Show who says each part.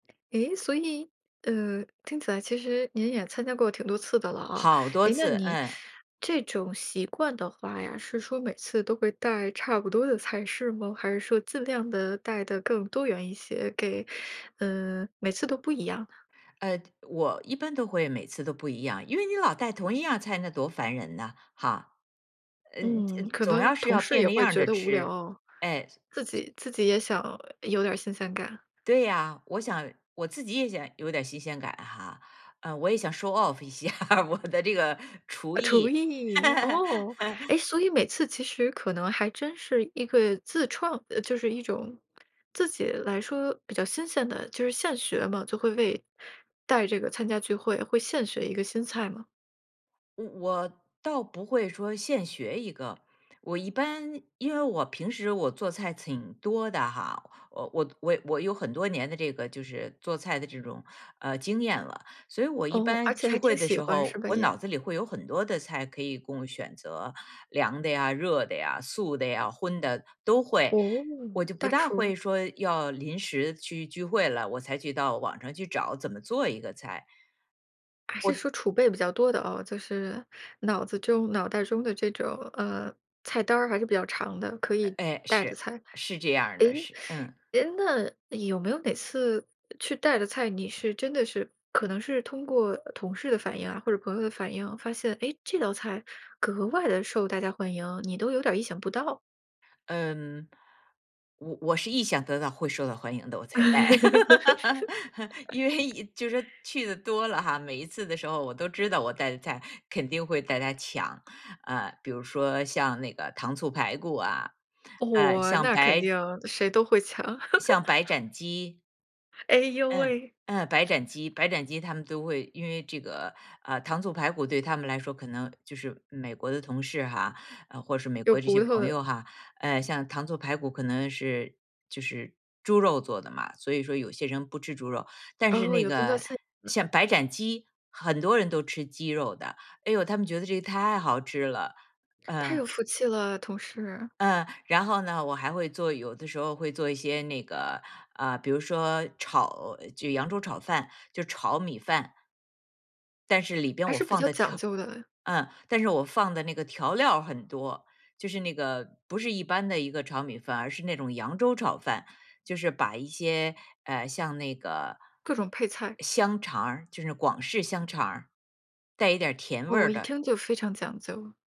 Speaker 1: 诶，所以，呃，听起来其实您也参加过挺多次的了啊，
Speaker 2: 好多
Speaker 1: 哎那
Speaker 2: 次，
Speaker 1: 你，
Speaker 2: 嗯。
Speaker 1: 这种习惯的话呀，是说每次都会带差不多的菜式吗？还是说尽量地带得更多元一些给呃，每次都不一样呢？
Speaker 2: 呃，我一般都会每次都不一样，因为你老带同一样菜，那多烦人呢，哈。呃呃
Speaker 1: 嗯，可
Speaker 2: 总
Speaker 1: 能
Speaker 2: 要是
Speaker 1: 同
Speaker 2: 要
Speaker 1: 事
Speaker 2: 变
Speaker 1: 也
Speaker 2: 着
Speaker 1: 会
Speaker 2: 样
Speaker 1: 觉
Speaker 2: 着
Speaker 1: 得无
Speaker 2: 吃，
Speaker 1: 聊。
Speaker 2: 哎。
Speaker 1: 自己自己也想有点儿新鲜感。
Speaker 2: 对呀，我想我自己也想有点儿新鲜感哈，呃我也想 Show Of 一下我的这个厨
Speaker 1: 呃厨
Speaker 2: 艺。
Speaker 1: 艺，哦。哎，所以每次其实可能还真是一个自创，呃就是一种自己来说比较新鲜的就是现学嘛，就会为带这个参加聚会，会现学一个新菜吗？
Speaker 2: 我我倒不会说现学一个。我一般因为我平时我做菜挺多的哈，呃我我我我有很多年的这个就是做菜的这种，呃，经验了，所以我一
Speaker 1: 哦，而
Speaker 2: 般
Speaker 1: 且
Speaker 2: 聚
Speaker 1: 还
Speaker 2: 会
Speaker 1: 挺
Speaker 2: 的
Speaker 1: 喜
Speaker 2: 时
Speaker 1: 欢是
Speaker 2: 候，
Speaker 1: 吧
Speaker 2: 我
Speaker 1: 也？
Speaker 2: 脑子里会有很多的菜可以供选择。凉的呀，热的呀、素的呀，荤的都会。
Speaker 1: 哦，
Speaker 2: 我就
Speaker 1: 大
Speaker 2: 不大
Speaker 1: 厨。
Speaker 2: 会说要临时去聚会了，我才去到网上去找怎么做一个菜。
Speaker 1: 还是
Speaker 2: 我
Speaker 1: 说储备比较多的哦，就是，脑子中脑袋中的这种呃菜单儿还是比较长的，可以
Speaker 2: 哎
Speaker 1: 带的
Speaker 2: 是，
Speaker 1: 菜。
Speaker 2: 是这样儿
Speaker 1: 哎
Speaker 2: 的是嗯。
Speaker 1: 哎那有没有哪次，去带的菜，你是真的是可能是通过同事的反应啊或者朋友的反应哦，发现，诶，这道菜格外地受大家欢迎，你都有点儿意想不到？
Speaker 2: 嗯。我我是意想得到会受到欢迎的，我才带。因为，就是去的多了哈，每一次的时候我都知道我带的菜肯定会大家抢，啊比如说像那个糖醋排骨啊，呃，
Speaker 1: 哦，
Speaker 2: 像
Speaker 1: 那肯
Speaker 2: 白
Speaker 1: 定，谁都会抢。
Speaker 2: 像白 斩鸡。
Speaker 1: 哎呦
Speaker 2: 嗯
Speaker 1: 喂。
Speaker 2: 嗯，白斩鸡白斩鸡，他们都会因为这个呃，糖醋排骨对他们来说可能，就是美国的同事哈，或是美
Speaker 1: 有
Speaker 2: 国这些
Speaker 1: 骨头
Speaker 2: 朋
Speaker 1: 的。
Speaker 2: 友哈，呃像糖醋排骨可能是就是猪肉做的嘛，所以说有些人不吃猪肉。但是
Speaker 1: 哦，
Speaker 2: 那
Speaker 1: 有宗教
Speaker 2: 个，
Speaker 1: 信仰的。
Speaker 2: 像白斩鸡，很多人都吃鸡肉的，哎哟，他们觉得这个太好吃了。
Speaker 1: 太有
Speaker 2: 嗯。
Speaker 1: 福气了同事。
Speaker 2: 嗯，然后呢，我还会做有的时候会做一些那个，呃，比如说炒就扬州炒饭，就炒米饭。但是里边
Speaker 1: 还
Speaker 2: 我
Speaker 1: 是比
Speaker 2: 放
Speaker 1: 较
Speaker 2: 的
Speaker 1: 讲
Speaker 2: 调
Speaker 1: 究的。
Speaker 2: 嗯，但是我放的那个调料很多，就是那个，不是一般的一个炒米饭，而是那种扬州炒饭，就是把一些，呃，像那个，
Speaker 1: 各种配菜。
Speaker 2: 香肠儿，就是广式香肠儿，带一点儿甜味
Speaker 1: 我
Speaker 2: 儿
Speaker 1: 一
Speaker 2: 的
Speaker 1: 听就非常讲究。